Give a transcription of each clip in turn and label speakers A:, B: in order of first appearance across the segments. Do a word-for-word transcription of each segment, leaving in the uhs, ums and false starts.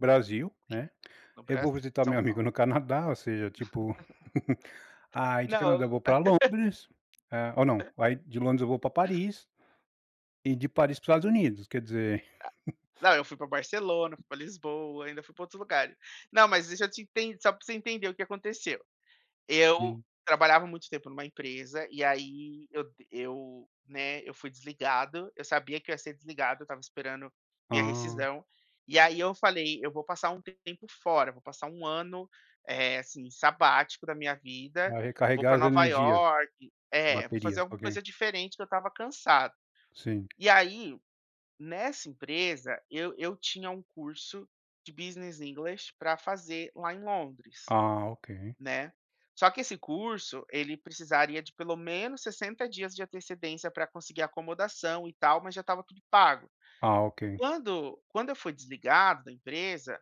A: Brasil,
B: Sim,
A: né,
B: no
A: eu vou
B: Brasil,
A: visitar
B: São
A: meu amigo
B: Paulo.
A: no Canadá, ou seja, tipo, aí de
B: Não, eu
A: Canadá eu vou para Londres. Ah, ou não,
B: Hã.
A: aí de Londres eu vou para Paris... e de Paris para o Estados Unidos, quer dizer
B: Ah, não, eu fui para Barcelona, fui para Lisboa, ainda fui para outros lugares. Não, mas deixa eu te ent só para você entender o que aconteceu. Eu
A: Sim.
B: trabalhava muito tempo numa empresa, e aí eu eu, né, eu fui desligado, eu sabia que eu ia ser desligado, eu estava esperando minha
A: Ah.
B: rescisão, e aí eu falei: "Eu vou passar um tempo fora, eu vou passar um ano, eh, assim, sabático da minha vida,
A: Para
B: vou
A: recarregar
B: para
A: as
B: Nova
A: energias,
B: Iorque" É, vou fazer
A: baterias,
B: alguma
A: ok.
B: coisa diferente, que eu estava cansado.
A: Sim.
B: E aí, nessa empresa, eu eu tinha um curso de Business English para fazer lá em Londres,
A: Ah, ok.
B: né. Só que esse curso, ele precisaria de pelo menos sessenta dias de antecedência para conseguir acomodação e tal, mas já estava pago.
A: Ah, ok.
B: Quando quando eu fui desligado da empresa,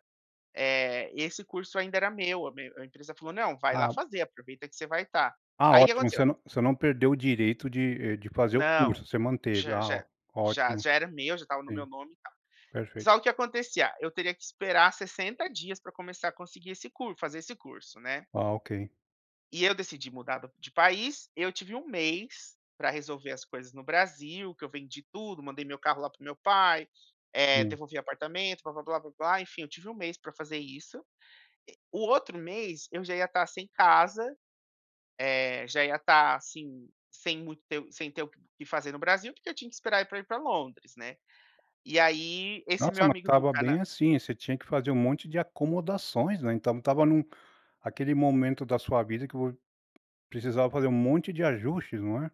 B: eh, esse curso ainda era meu, a me a empresa falou: "Não, vai lá
A: Ah.
B: fazer, aproveita que você vai estar".
A: Ah,
B: Aí o que
A: ótimo, você
B: aconteceu...
A: não você não perdeu o direito de, eh, de fazer o
B: Não,
A: curso, você manteve.
B: já
A: Ah, ó
B: já já
A: ótimo,
B: já era meu, já estava no meu
A: sim,
B: nome e tal. Mas,
A: perfeito.
B: ó o que acontecia, eu teria que esperar sessenta dias para começar a conseguir esse cur fazer esse curso, né.
A: Ah, ok.
B: E eu decidi mudar do de país, eu tive um mês para resolver as coisas no Brasil, que eu vendi tudo, mandei meu carro lá para o meu pai, eh,
A: Sim.
B: devolvi apartamento, blá blá blá blá blá enfim, eu tive um mês para fazer isso, o outro mês eu já ia estar sem casa, eh, já ia estar, assim, sem muito ter sem ter o que fazer no Brasil, porque eu tinha que esperar ir pra ir para Londres, né, e aí esse meu
A: Nossa, mas
B: amigo do
A: estava bem,
B: cana
A: assim, você tinha que fazer um monte de acomodações, né. Então estava num aquele momento da sua vida que vo precisava fazer um monte de ajustes, não é?